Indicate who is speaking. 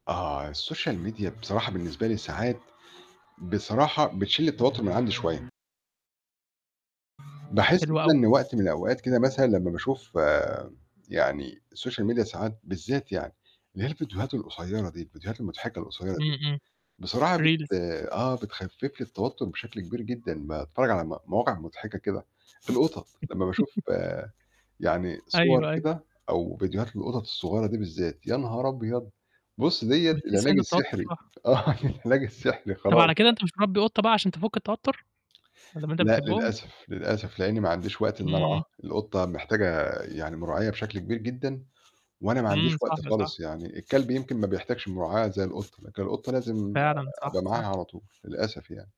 Speaker 1: آه، السوشيال ميديا بصراحة بالنسبة لي ساعات، بصراحة بتشيل التوتّر من عندي شوية. باحس
Speaker 2: حلو
Speaker 1: كده
Speaker 2: أوي.
Speaker 1: إن وقت من الأوقات كده مثلًا لمّا باشوف م يعني السوشيال ميديا ساعات بالذّات يعني، اللي هي الفيديوهات القصيّرة دي الفيديوهات المضحكة القصيّرة
Speaker 2: إمم،
Speaker 1: دي،
Speaker 2: إمم.
Speaker 1: بصراحة بت
Speaker 2: Reels.
Speaker 1: آه، بتخفف لي التوتّر بشكل كبير جدًا أمّا أتتفرّج على ما مواقع مضحكة كده، في القطط لمّا باشوف آآ، يعني
Speaker 2: أيوه،
Speaker 1: صور
Speaker 2: أيوه.
Speaker 1: كده أو فيديوهات القطط الصغيّرة دي بالذّات يا نهار أبيض! بُصّ دِيّة
Speaker 2: بتحس
Speaker 1: العلاج
Speaker 2: إن التوتّر
Speaker 1: السحري
Speaker 2: راح.
Speaker 1: آه، العلاج السحري
Speaker 2: طَب
Speaker 1: خلاص
Speaker 2: على كده
Speaker 1: بقى.
Speaker 2: أنت مش مربّي قطّة بقى عشان تفُك التوتّر، ما دام أنت
Speaker 1: لأ،
Speaker 2: بتحبهم؟
Speaker 1: للأسف، للأسف، لإنّي ما عنديش وقت إنّي أرعاها،
Speaker 2: إمم.
Speaker 1: القطّة محتاجة يعني مراعية بشكل كبير جدًا، وأنا ما عنديش
Speaker 2: إمم، صح،
Speaker 1: وقت
Speaker 2: صح.
Speaker 1: خالص يعني الكلب يمكن ما بيحتاجش مراعية زي القطّة، لكن القطّة لازم
Speaker 2: فعلًا، صح،
Speaker 1: أبقى
Speaker 2: صح.
Speaker 1: معاها على طول للأسف يعني.